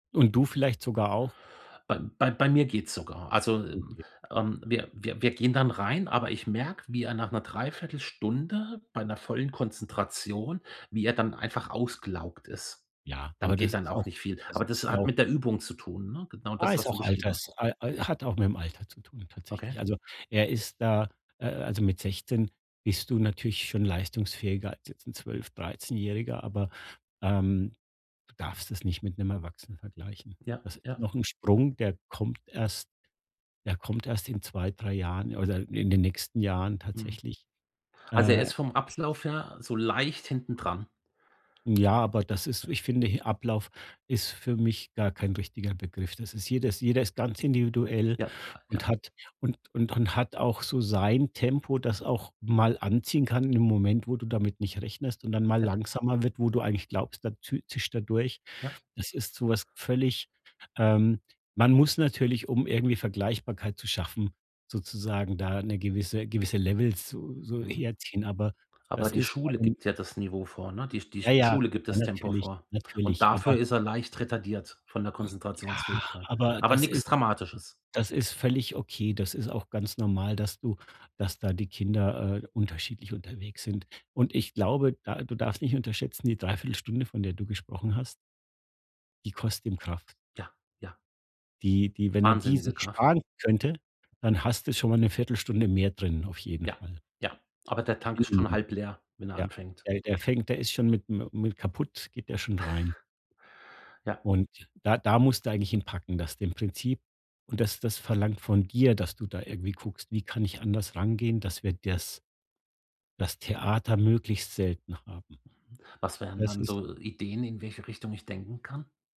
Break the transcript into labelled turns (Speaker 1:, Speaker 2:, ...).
Speaker 1: Und du vielleicht sogar auch.
Speaker 2: Bei bei bei mir geht's sogar. Also, hm,
Speaker 1: Okay.
Speaker 2: ähm, wir wir wir gehen dann rein, aber ich merke, wie er nach 'ner Dreiviertelstunde bei 'ner vollen Konzentration wie er dann einfach ausgelaugt ist.
Speaker 1: Ja,
Speaker 2: Dann
Speaker 1: aber
Speaker 2: geht
Speaker 1: das
Speaker 2: dann
Speaker 1: ist
Speaker 2: auch
Speaker 1: auch
Speaker 2: nicht viel.
Speaker 1: das
Speaker 2: Aber das
Speaker 1: ist
Speaker 2: hat
Speaker 1: auch
Speaker 2: mit der Übung zu tun, ne? Genau
Speaker 1: Ah,
Speaker 2: das,
Speaker 1: ist
Speaker 2: was du
Speaker 1: auch
Speaker 2: beschrieben hast.
Speaker 1: alters al al hat auch mit'm Alter zu tun tatsächlich.
Speaker 2: Okay.
Speaker 1: Also er ist da äh, also mit 16 bist du natürlich schon leistungsfähiger als jetzt 'n zwölf dreizehnjähriger, aber, ähm, du darfst das nicht mit 'nem Erwachsenen vergleichen.
Speaker 2: Ja,
Speaker 1: Das ist
Speaker 2: ja.
Speaker 1: noch 'n Sprung, der kommt erst der kommt erst in 2, 3 Jahren oder in den nächsten Jahren
Speaker 2: Mhm,
Speaker 1: tatsächlich,
Speaker 2: also er
Speaker 1: äh
Speaker 2: ist vom
Speaker 1: [unintelligible]
Speaker 2: Ablauf her so leicht hintendran.
Speaker 1: Ja, aber das ist: ich finde, he Ablauf ist für mich gar kein richtiger Begriff. Das ist jedes jeder ist ganz individuell
Speaker 2: Ja, ja, ja.
Speaker 1: und hat und und und hat auch so sein Tempo, das auch mal anziehen kann in dem Moment, wo du damit nicht rechnest und dann mal
Speaker 2: Ja.
Speaker 1: langsamer wird, wo du eigentlich glaubst, dann tü zischt er durch.
Speaker 2: Ja.
Speaker 1: Das ist so was völlig, ähm man muss natürlich, um irgendwie Vergleichbarkeit zu schaffen, sozusagen da 'ne gewisse gewisse Levels so so
Speaker 2: Mhm.
Speaker 1: herziehen, aber
Speaker 2: Aber
Speaker 1: das
Speaker 2: die
Speaker 1: ist bei
Speaker 2: Schule
Speaker 1: ihm
Speaker 2: gibt ja das Niveau vor, ne? Die Sch die
Speaker 1: Ja,
Speaker 2: die
Speaker 1: ja
Speaker 2: Schule gibt das Tempo
Speaker 1: natürlich,
Speaker 2: vor. Und
Speaker 1: natürlich,
Speaker 2: dafür
Speaker 1: aber
Speaker 2: ist er leicht retardiert von der
Speaker 1: Ja,
Speaker 2: Konzentrationsfähigkeit,
Speaker 1: aber
Speaker 2: aber
Speaker 1: das
Speaker 2: nix
Speaker 1: ist
Speaker 2: Dramatisches.
Speaker 1: das ist völlig okay. Das ist auch ganz normal, dass du dass da die Kinder, äh, unterschiedlich unterwegs sind und ich glaube, da du darfst nicht unterschätzen, die Dreiviertelstunde, von der du gesprochen hast die kostet ihm Kraft.
Speaker 2: Ja, ja.
Speaker 1: Die die wenn er die sich
Speaker 2: Wahnsinnige Kraft.
Speaker 1: sparen könnte, dann hast du schon mal 'ne Viertelstunde mehr drin auf jeden
Speaker 2: Ja,
Speaker 1: Fall.
Speaker 2: ja. Aber der Tank ist schon
Speaker 1: [unintelligible]
Speaker 2: halb leer, wenn er
Speaker 1: Ja
Speaker 2: anfängt.
Speaker 1: ja, der fängt der ist schon mit mi mi mit kaputt geht der schon rein.
Speaker 2: Ja.
Speaker 1: Und da da musst du eigentlich ihn packen, dass dem Prinzip und das das verlangt von dir, dass du da irgendwie guckst, wie kann ich anders rangehen, dass wir das das Theater möglichst selten haben.
Speaker 2: Was wären
Speaker 1: Das
Speaker 2: dann
Speaker 1: ist
Speaker 2: so Ideen, in welche Richtung ich denken kann?